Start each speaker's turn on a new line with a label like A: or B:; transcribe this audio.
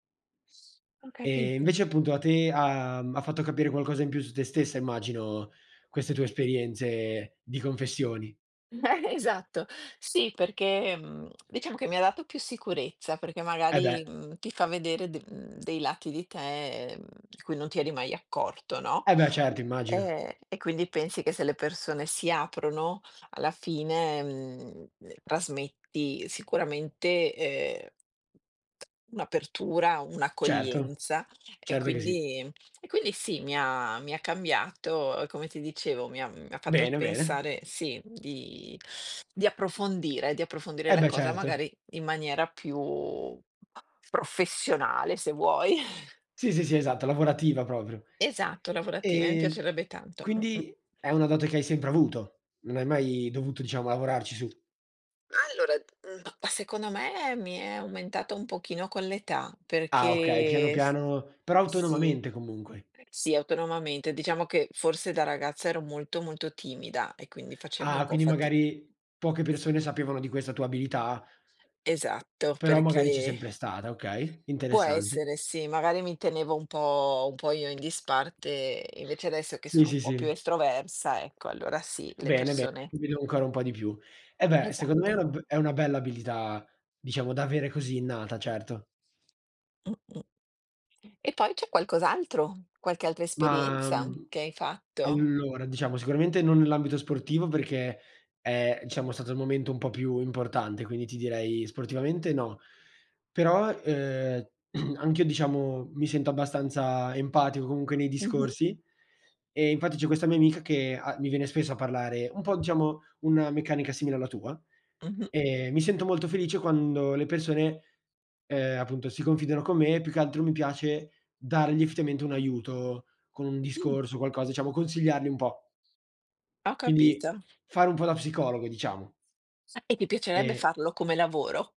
A: S ho
B: Ehm,
A: capito.
B: invece appunto, a te ha mhmm, ha fatto capire qualcosa in più su te stessa immagino, queste tue esperienze di confessioni.
A: Esatto. Sì, perché, mhmm, diciamo che mi ha dato più sicurezza, perché
B: Eh, beh.
A: magari, mhmm, ti fa vedere de mhmm, dei lati di te, mhmm, di cui non ti eri mai accorto, no,
B: Eh beh, certo, immagino.
A: Ehm, e quindi pensi che se le persone si aprono, alla fine, mhmm, uhm, trasmetti, sicuramente, ehm, un'apertura,
B: Certo,
A: un'accoglienza, e
B: certo, che sì.
A: quindi ehm, e quindi sì, mi ha mi ha cambiato, ehm, come ti dicevo, mi ha mhmm, mi ha fatto
B: Bene, bene.
A: pensare, sì, di di approfondire, di approfondire
B: Eh
A: la
B: beh,
A: cosa,
B: certo.
A: magari, in maniera più professionale, se vuoi.
B: Sì, sì, sì, esatto, lavorativa proprio.
A: Esatto, lavorative, mi
B: Ehm,
A: piacerebbe tanto. Mh-mh.
B: quindi, è una dote che hai sempre avuto. Non hai mai dovuto, diciamo, lavorarci su.
A: Allora mhmm, ma secondo me, mi è aumentata un pochino con l'età,
B: Ah, okay, piano,
A: perché s
B: piano, però
A: sì,
B: autonomamente comunque.
A: sì, autonomamente. Diciamo che, forse da ragazza ero molto, molto timida, e quindi facevo un
B: Ah,
A: po'
B: quindi
A: fati
B: magari, p poche persone sapevano di questa tua abilità
A: Esatto,
B: però magari c'è
A: perché
B: sempre stata, okay,
A: può
B: interessante.
A: essere, sì, magari mi tenevo un po' un po' io in disparte, e invece adesso che
B: Sì,
A: sono un
B: sì,
A: po' più
B: sì.
A: estroversa, ecco, allora sì, le
B: Bene be
A: persone
B: [unintelligible] ancora un po' di più. Eh beh, secondo me è
A: Esatto.
B: una b è una bella abilità, diciamo da avere così innata, certo.
A: Mh-mh. E poi, c'è qualcos'altro, qualche altra
B: Mah,
A: esperienza,
B: mhmm,
A: che hai fatto?
B: allora, diciamo, sicuramente non nell'ambito sportivo, perché è, diciamo, stato il momento un po' più importante, quindi ti direi sportivamente, no. Però, ehm, anch'io diciamo, mi sento abbastanza empatico, comunque nei
A: Mh-mh.
B: discorsi, e infatti c'è questa mia amica che ha mi viene spesso a parlare, un po' diciamo, una meccanica simile alla tua,
A: Mh-mh.
B: e mi sento molto felice quando le persone, ehm, appunto, si confidano con me; più che altro mi piace dargli effettivamente un aiuto, con un
A: Mh.
B: discorso, o qualcosa, diciamo, consigliarli un po'.
A: Ho
B: Quindi,
A: capito.
B: fare un po' da psicologo, diciamo.
A: E ti piacerebbe
B: Ehm
A: farlo come lavoro?